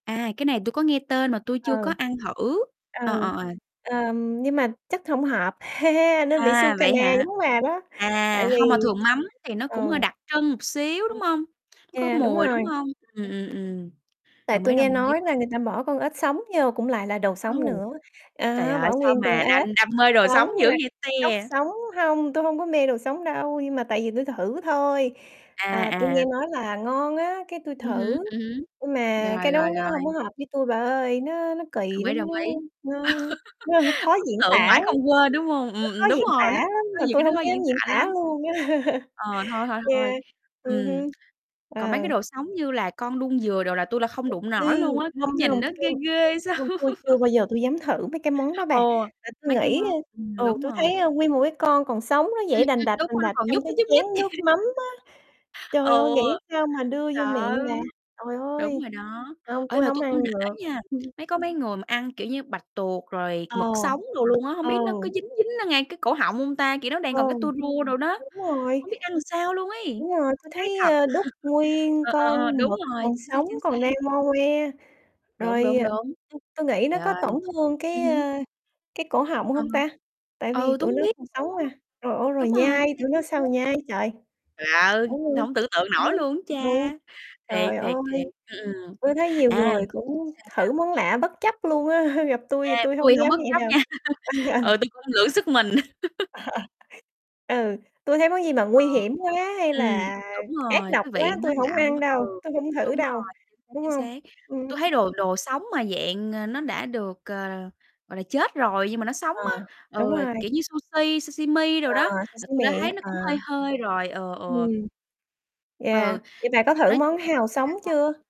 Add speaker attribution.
Speaker 1: À, cái này tui có nghe tên mà tui
Speaker 2: Ừ.
Speaker 1: chưa có ăn thử. Ờ,
Speaker 2: Ừ,
Speaker 1: ờ, [unintelligible]
Speaker 2: ờm, nhưng mà chắc hông hợp, nên bị xu
Speaker 1: À,
Speaker 2: cà
Speaker 1: vậy
Speaker 2: na
Speaker 1: hả?
Speaker 2: giống bà đó. Tại
Speaker 1: À, hông, mà
Speaker 2: vì
Speaker 1: thường mắm thì nó cũng
Speaker 2: ờ.,
Speaker 1: hơi đặc trưng một xíu, đúng
Speaker 2: [unintelligible]
Speaker 1: hông? Nó có
Speaker 2: yeah, đúng
Speaker 1: mùi,
Speaker 2: rồi.
Speaker 1: đúng hông? Ừm, ừm, ừm,
Speaker 2: Tại
Speaker 1: đồng ý,
Speaker 2: tui
Speaker 1: đồng
Speaker 2: nghe
Speaker 1: ý.
Speaker 2: nói là người ta bỏ con ếch sống vô cũng lại là đồ sống
Speaker 1: Wow,
Speaker 2: nữa.
Speaker 1: trời
Speaker 2: À,
Speaker 1: ơi,
Speaker 2: bỏ
Speaker 1: sao
Speaker 2: nguyên con
Speaker 1: mà
Speaker 2: ếch,
Speaker 1: đam đam mê đồ
Speaker 2: sống
Speaker 1: sống dữ
Speaker 2: nha,
Speaker 1: vậy
Speaker 2: cóc
Speaker 1: te!
Speaker 2: sống hông, tui hông có mê đồ sống đâu, nhưng mà tại vì tui thử thôi.
Speaker 1: À,
Speaker 2: À, tui
Speaker 1: à.
Speaker 2: nghe nói là ngon á, cái tui
Speaker 1: Ừm hứm,
Speaker 2: thử,
Speaker 1: ừm hứm,
Speaker 2: nhưng mà
Speaker 1: rồi,
Speaker 2: cái đó
Speaker 1: rồi,
Speaker 2: nó
Speaker 1: rồi.
Speaker 2: hông có hợp với tui bà ơi. Nó nó
Speaker 1: Đồng
Speaker 2: kỳ
Speaker 1: ý,
Speaker 2: lắm,
Speaker 1: đồng ý.
Speaker 2: nó nó nó khó diễn
Speaker 1: Ấn tượng
Speaker 2: tả
Speaker 1: mãi
Speaker 2: lắm.
Speaker 1: không quên, đúng hông?
Speaker 2: Nó
Speaker 1: Ừm,
Speaker 2: khó
Speaker 1: ừm, đúng
Speaker 2: diễn tả
Speaker 1: rồi lắm
Speaker 2: lắm,
Speaker 1: có
Speaker 2: mà
Speaker 1: nhiều
Speaker 2: tôi
Speaker 1: cái thứ
Speaker 2: hông
Speaker 1: khó
Speaker 2: dám
Speaker 1: diễn
Speaker 2: diễn
Speaker 1: tả
Speaker 2: tả
Speaker 1: lắm.
Speaker 2: luôn á.
Speaker 1: Ờ, thôi, thôi, thôi.
Speaker 2: Yeah, ừm
Speaker 1: Ừm,
Speaker 2: hưm,
Speaker 1: còn mấy
Speaker 2: ờ.
Speaker 1: cái đồ sống như là con đuông dừa đồ là tui là không đụng
Speaker 2: Ừm,
Speaker 1: nổi luôn á, kiểu,
Speaker 2: hông, hông,
Speaker 1: nhìn nó ghê
Speaker 2: hông,
Speaker 1: ghê sao.
Speaker 2: hông, tôi chưa bao giờ tôi dám thử mấy cái món đó bà,
Speaker 1: Ồ,
Speaker 2: à, tui
Speaker 1: mấy cái
Speaker 2: nghĩ,
Speaker 1: món ừm,
Speaker 2: a ừ,
Speaker 1: đúng
Speaker 2: tui thấy,
Speaker 1: rồi.
Speaker 2: a, nguyên một cái con còn sống nó
Speaker 1: Ừm,
Speaker 2: giãy đành
Speaker 1: ừm.
Speaker 2: đạch,
Speaker 1: Đúng
Speaker 2: đành
Speaker 1: rồi, nó
Speaker 2: đạch
Speaker 1: còn
Speaker 2: trong
Speaker 1: nhúc
Speaker 2: cái
Speaker 1: nhích,
Speaker 2: chén
Speaker 1: nhúc nhích.
Speaker 2: nước mắm á. Trời ơi,
Speaker 1: Ừ,
Speaker 2: nghĩ sao mà đưa vô miệng
Speaker 1: sợ.
Speaker 2: bà. Trời
Speaker 1: Đúng
Speaker 2: ơi,
Speaker 1: rồi đó,
Speaker 2: hông,
Speaker 1: ê,
Speaker 2: tui
Speaker 1: mà
Speaker 2: hông
Speaker 1: tui cũng
Speaker 2: ăn được.
Speaker 1: nể nha,
Speaker 2: [unintelligible]
Speaker 1: mấy có mấy người mà ăn, kiểu như, bạch tuộc rồi
Speaker 2: Ờ,
Speaker 1: mực sống đồ luôn á, hông
Speaker 2: ừ.
Speaker 1: biết nó có dính dính ngay cái cổ họng hông ta? Kiểu, nó đang
Speaker 2: Ừ,
Speaker 1: còn cái tua rua đồ đó.
Speaker 2: đúng rồi.
Speaker 1: Hông biết ăn sao luôn ấy,
Speaker 2: Đúng rồi, tui
Speaker 1: hay
Speaker 2: thấy,
Speaker 1: thật.
Speaker 2: a, đút nguyên
Speaker 1: Ờ, ờ, ờ,
Speaker 2: con
Speaker 1: đúng
Speaker 2: mực
Speaker 1: rồi,
Speaker 2: còn
Speaker 1: chính xác,
Speaker 2: sống,
Speaker 1: chính xác.
Speaker 2: còn đang ngo ngoe.
Speaker 1: Đúng,
Speaker 2: Rồi
Speaker 1: đúng, đúng.
Speaker 2: t tôi nghĩ nó
Speaker 1: Trời
Speaker 2: có
Speaker 1: ơi,
Speaker 2: tổn thương
Speaker 1: ừm
Speaker 2: cái,
Speaker 1: hứm.
Speaker 2: ơ, cái cổ họng
Speaker 1: Ờ
Speaker 2: hông ta?
Speaker 1: hở,
Speaker 2: Tại vì
Speaker 1: ừ, tôi
Speaker 2: tụi
Speaker 1: hông
Speaker 2: nó
Speaker 1: biết
Speaker 2: còn sống
Speaker 1: nữa,
Speaker 2: mà. Trời ơi, rồi
Speaker 1: đúng rồi, chính
Speaker 2: nhai,
Speaker 1: xác,
Speaker 2: tụi nó
Speaker 1: chính
Speaker 2: sao
Speaker 1: xác.
Speaker 2: nhai trời.
Speaker 1: Trời ơi, hổng tưởng tượng nổi luôn á cha!
Speaker 2: [unintelligible]
Speaker 1: Thiệt,
Speaker 2: Trời
Speaker 1: thiệt,
Speaker 2: ơi,
Speaker 1: thiệt. Ừm, ừm,
Speaker 2: tôi thấy nhiều
Speaker 1: à,
Speaker 2: người cũng
Speaker 1: sao, sao?
Speaker 2: thử món lạ bất chấp luôn á, gặp tui
Speaker 1: À,
Speaker 2: thì tui
Speaker 1: ui,
Speaker 2: hông
Speaker 1: hổng
Speaker 2: dám
Speaker 1: bất
Speaker 2: vậy
Speaker 1: chấp
Speaker 2: đâu.
Speaker 1: nha.
Speaker 2: Ừ, ừ.
Speaker 1: Ừ, tôi cũng lượng sức mình.
Speaker 2: Ừ, tui thấy món gì mà
Speaker 1: Ờ,
Speaker 2: nguy hiểm quá hay
Speaker 1: ừm,
Speaker 2: là
Speaker 1: đúng
Speaker 2: ác
Speaker 1: rồi,
Speaker 2: độc
Speaker 1: cái vị
Speaker 2: quá,
Speaker 1: nó
Speaker 2: tui
Speaker 1: lạ
Speaker 2: hổng ăn
Speaker 1: quá
Speaker 2: đâu,
Speaker 1: ừ,
Speaker 2: tui hông
Speaker 1: đúng
Speaker 2: thử đâu,
Speaker 1: rồi, chính xác,
Speaker 2: đúng
Speaker 1: chính
Speaker 2: không?
Speaker 1: xác. Tui thấy
Speaker 2: Ừm.
Speaker 1: đồ đồ sống mà dạng, ờ, nó đã được, ờ, gọi là, chết rồi nhưng mà nó sống
Speaker 2: À,
Speaker 1: á
Speaker 2: đúng
Speaker 1: ừ,
Speaker 2: rồi.
Speaker 1: kiểu như sushi, sashimi đồ
Speaker 2: À,
Speaker 1: đó,
Speaker 2: sa
Speaker 1: là
Speaker 2: xí
Speaker 1: tui đã
Speaker 2: mề
Speaker 1: thấy
Speaker 2: á,
Speaker 1: nó
Speaker 2: ờ.
Speaker 1: cũng hơi hơi rồi, ừ, ừ.
Speaker 2: Ừm.
Speaker 1: Ừ,
Speaker 2: Yeah, vậy bạn có thử
Speaker 1: nói chung
Speaker 2: món hào
Speaker 1: sao,
Speaker 2: sống
Speaker 1: sao?
Speaker 2: chưa?